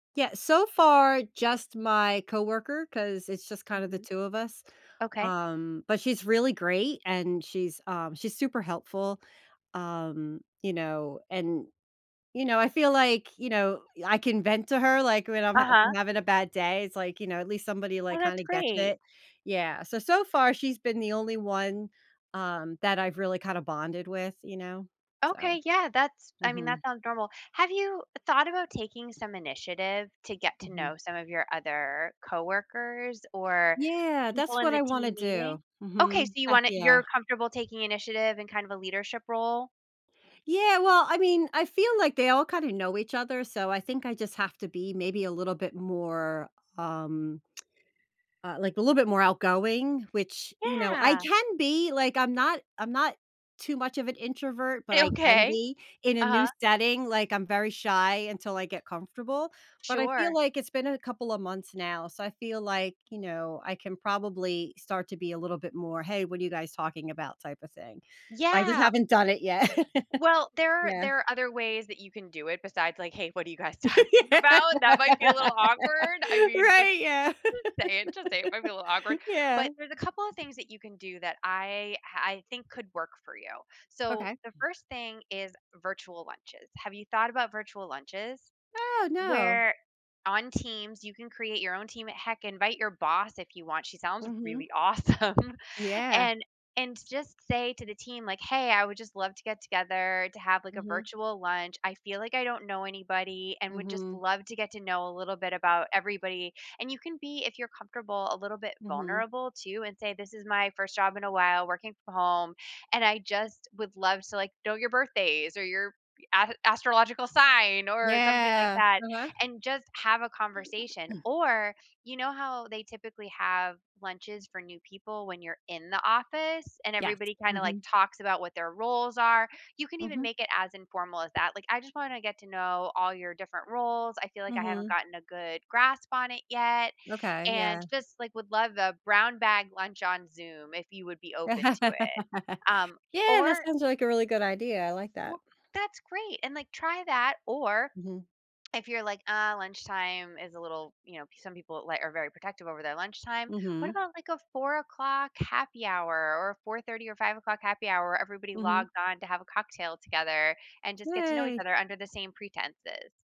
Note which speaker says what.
Speaker 1: Yeah, so far, just my coworker, 'cause it's just kinda the
Speaker 2: Mhm.
Speaker 1: 2 of us.
Speaker 2: Okay.
Speaker 1: Um, but she's really great, and she's, uh, she's super helpful. Um, you know, and, you know, I feel like, you know, I can vent to her, like, when I'm hav
Speaker 2: Uh-huh.
Speaker 1: I'm having a bad day. It's like, you know, at least somebody,
Speaker 2: Well,
Speaker 1: like,
Speaker 2: that's
Speaker 1: kinda gets
Speaker 2: great.
Speaker 1: it. Yeah. So, so far, she's been the only one, um, that I've really kinda bonded with, you know? So.
Speaker 2: Okay, yeah, that's I mean, that
Speaker 1: Mhm.
Speaker 2: sounds normal. Have you thought about taking some initiative to get to
Speaker 1: Mhm.
Speaker 2: know some of your other coworkers or
Speaker 1: Yeah,
Speaker 2: people
Speaker 1: that's
Speaker 2: in
Speaker 1: what
Speaker 2: the
Speaker 1: I
Speaker 2: team
Speaker 1: wanna
Speaker 2: meeting?
Speaker 1: do.
Speaker 2: Okay, so
Speaker 1: Mhm.
Speaker 2: you
Speaker 1: Ah,
Speaker 2: wanna
Speaker 1: yeah.
Speaker 2: you're comfortable taking initiative in kind of a leadership role?
Speaker 1: Yeah, well, I mean, I feel like they all kinda know each other, so I think I just have to be maybe, a little bit more, um, uh, like, a little bit more outgoing, which, you know, I
Speaker 2: Yeah.
Speaker 1: can be like, I'm not I'm not too much of an introvert, but
Speaker 2: A
Speaker 1: I can
Speaker 2: okay.
Speaker 1: be in a
Speaker 2: Uh-huh.
Speaker 1: new setting, like, I'm very shy until I get comfortable, but I feel
Speaker 2: Sure.
Speaker 1: like it's been a couple of months now. So, I feel like, you know, I can probably start to be a little bit more, "Hey, what are you guys talking about?" type of thing. But I just
Speaker 2: Yeah.
Speaker 1: haven't done it yet.
Speaker 2: Well, there are
Speaker 1: Yeah.
Speaker 2: there are other ways that you can do it besides like, "Hey, what are you guys talking about?" That might be a little awkward. I mean, just
Speaker 1: Right? Yeah.
Speaker 2: just say it. Just say it, might be a little awkward.
Speaker 1: Yeah.
Speaker 2: But there's a couple of things that you can do that I ah, I think could work for you. So,
Speaker 1: Okay.
Speaker 2: the 1st thing is virtual lunches. Have you thought about virtual lunches?
Speaker 1: Oh, no.
Speaker 2: Where on Teams, you can create your own team at heck, invite your boss if you want. She sounds
Speaker 1: Mhm.
Speaker 2: really awesome.
Speaker 1: Yeah.
Speaker 2: And and just say to the team, like, "Hey, I would just love to get together to have, like, a
Speaker 1: Mhm.
Speaker 2: virtual lunch. I feel like I don't know anybody and would just
Speaker 1: Mhm.
Speaker 2: love to get to know a little bit about everybody." And you can be, if you're comfortable, a little bit
Speaker 1: Mhm.
Speaker 2: vulnerable, too and say, "This is my 1st job in a while, working from home, and I just would love to, like, know your birthdays or your as astrological sign." Or something like
Speaker 1: Yeah.
Speaker 2: that
Speaker 1: Uh-huh.
Speaker 2: and just have a conversation.
Speaker 1: Mm.
Speaker 2: Or, you know how they typically have lunches for new people when you're in the office and
Speaker 1: Yes.
Speaker 2: everybody kinda, like,
Speaker 1: Mhm.
Speaker 2: talks about what their roles are? You can even
Speaker 1: Mhm.
Speaker 2: make it as informal as that. Like, "I just wanna get to know all your different roles, I feel like I haven't
Speaker 1: Mhm.
Speaker 2: gotten a good grasp on it yet,
Speaker 1: Okay,
Speaker 2: and
Speaker 1: yeah.
Speaker 2: just, like, would love the brown bag lunch on Zoom if you would be open to it." Um,
Speaker 1: Yeah, that
Speaker 2: or
Speaker 1: sounds like a really good idea, I like that.
Speaker 2: Well, that's great. And, like, try that, or
Speaker 1: Mhm.
Speaker 2: if you're like, "Uh, lunchtime is a little" you know, some people, like, are very protective over their lunchtime. What
Speaker 1: Mhm.
Speaker 2: about, like, a 04:00 happy hour, or a 04:30 or 05:00 happy hour, everybody
Speaker 1: Mhm.
Speaker 2: logged on to have a cocktail together and just get to know each
Speaker 1: Yay.
Speaker 2: other under the same pretenses?